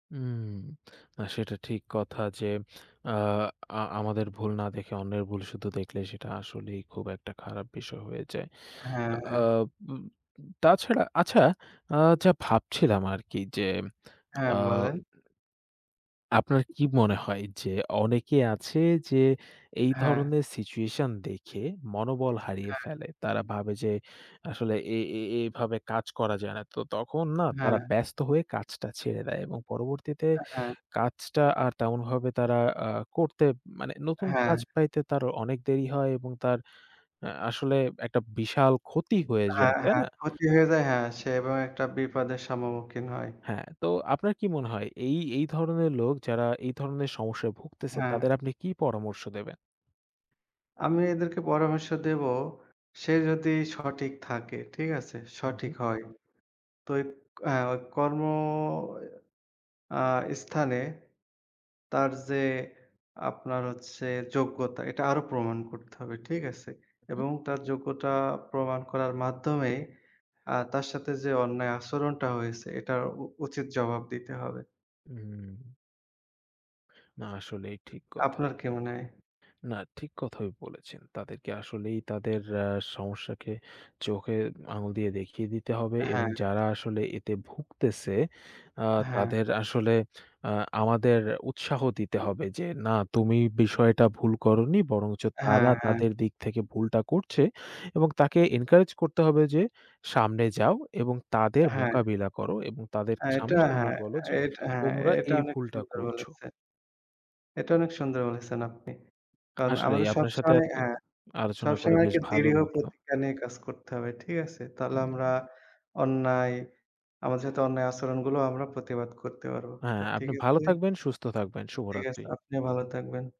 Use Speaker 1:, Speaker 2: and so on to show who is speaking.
Speaker 1: উম আ সেটা ঠিক কথা যে, আ আ আমাদের ভুল না দেখে অন্যের ভুল শুধু দেখলে সেটা আসলেই খুব একটা খারাপ বিষয় হয়ে যায়।
Speaker 2: হ্যাঁ,
Speaker 1: আ
Speaker 2: হ্যাঁ।
Speaker 1: উম তাছাড়া আচ্ছা আ যা ভাবছিলাম আরকি যে, আ
Speaker 2: হ্যাঁ, বলেন।
Speaker 1: আপনার কি মনে হয় যে, অনেকে আছে যে, এই
Speaker 2: হ্যাঁ।
Speaker 1: ধরনের situation দেখে মনোবল হারিয়ে
Speaker 2: হ্যাঁ।
Speaker 1: ফেলে। তারা ভাবে যে, আসলে এ এ এভাবে কাজ করা যায় না। তো তখন না তারা
Speaker 2: হ্যাঁ।
Speaker 1: ব্যস্ত হয়ে কাজটা ছেড়ে দেয় এবং পরবর্তীতে
Speaker 2: হ্যাঁ।
Speaker 1: কাজটা আর তেমনভাবে তারা আ করতে মানে নতুন
Speaker 2: হ্যাঁ।
Speaker 1: কাজ পাইতে তার অনেক দেরি হয় এবং তার আ আসলে একটা বিশাল ক্ষতি হয়ে যায়।
Speaker 2: হ্যাঁ,
Speaker 1: তাই
Speaker 2: হ্যাঁ,
Speaker 1: না?
Speaker 2: ক্ষতি হয়ে যায় হ্যাঁ, সে এবং একটা বিপদের সম্মুখীন হয়।
Speaker 1: হ্যাঁ, তো আপনার কি মনে হয় এই, এই ধরনের লোক যারা এই ধরনের সমস্যায় ভুগতেছে তাদের
Speaker 2: হ্যাঁ।
Speaker 1: আপনি কি পরামর্শ দেবেন?
Speaker 2: আমি এদেরকে পরামর্শ দেব সে যদি সঠিক থাকে, ঠিক আছে?
Speaker 1: উ
Speaker 2: সঠিক
Speaker 1: হুম।
Speaker 2: হয়। তো ঐক আ ঐ কর্ম আ স্থানে তার যে, আপনার হচ্ছে যোগ্যতা এটা আরো প্রমাণ করতে হবে। ঠিক আছে?
Speaker 1: উ হুম।
Speaker 2: এবং তার যোগ্যতা প্রমাণ করার মাধ্যমেই আ তার সাথে যে, অন্যায় আচরণটা হয়েছে এটার উ উচিত জবাব দিতে হবে।
Speaker 1: হুম। না আসলেই ঠিক কথা।
Speaker 2: আপনার কি মনে হয়?
Speaker 1: না ঠিক কথাই বলেছেন। তাদেরকে আসলেই তাদের আ সমস্যাকে চোখে আঙ্গুল দিয়ে দেখিয়ে দিতে হবে এবং
Speaker 2: হ্যাঁ।
Speaker 1: যারা আসলে এতে ভুগতেছে আ
Speaker 2: হ্যাঁ।
Speaker 1: তাদের আসলে আ আমাদের উৎসাহ দিতে হবে যে, না তুমি বিষয়টা ভুল করোনি বরংচ
Speaker 2: হ্যাঁ,
Speaker 1: তারা
Speaker 2: হ্যাঁ।
Speaker 1: তাদের দিক থেকে ভুলটা করছে এবং তাকে encourage করতে হবে যে, সামনে যাও এবং তাদের
Speaker 2: হ্যাঁ।
Speaker 1: মোকাবিলা করো এবং
Speaker 2: আ
Speaker 1: তাদেরকে
Speaker 2: এটা
Speaker 1: সামনাসামনি
Speaker 2: হ্যাঁ,
Speaker 1: বলো যে,
Speaker 2: এ এট হ্যাঁ,
Speaker 1: তোমরা
Speaker 2: এটা
Speaker 1: এই
Speaker 2: অনেক
Speaker 1: ভুলটা
Speaker 2: সুন্দর
Speaker 1: করছো।
Speaker 2: বলেছে। এটা অনেক সুন্দর বলেছেন আপনি কারণ
Speaker 1: আসলেই
Speaker 2: আমাদের
Speaker 1: আপনার সাথে
Speaker 2: সবসময়
Speaker 1: আজকে
Speaker 2: হ্যাঁ,
Speaker 1: আলোচনা করে
Speaker 2: সবসময়
Speaker 1: বেশ
Speaker 2: একটা
Speaker 1: ভালো
Speaker 2: দীর্ঘ
Speaker 1: লাগলো।
Speaker 2: প্রতিজ্ঞা নিয়ে কাজ করতে হবে। ঠিক আছে? তাহলে আমরা
Speaker 1: হুম।
Speaker 2: অন্যায়, আমাদের সাথে অন্যায় আচরণগুলো আমরা প্রতিবাদ করতে পারবো।
Speaker 1: হ্যাঁ,
Speaker 2: ঠিক
Speaker 1: আপনি ভালো
Speaker 2: আছে?
Speaker 1: থাকবেন, সুস্থ থাকবেন
Speaker 2: ঠিক
Speaker 1: শুভরাত্রি।
Speaker 2: আছে, আপনি ভালো থাকবেন।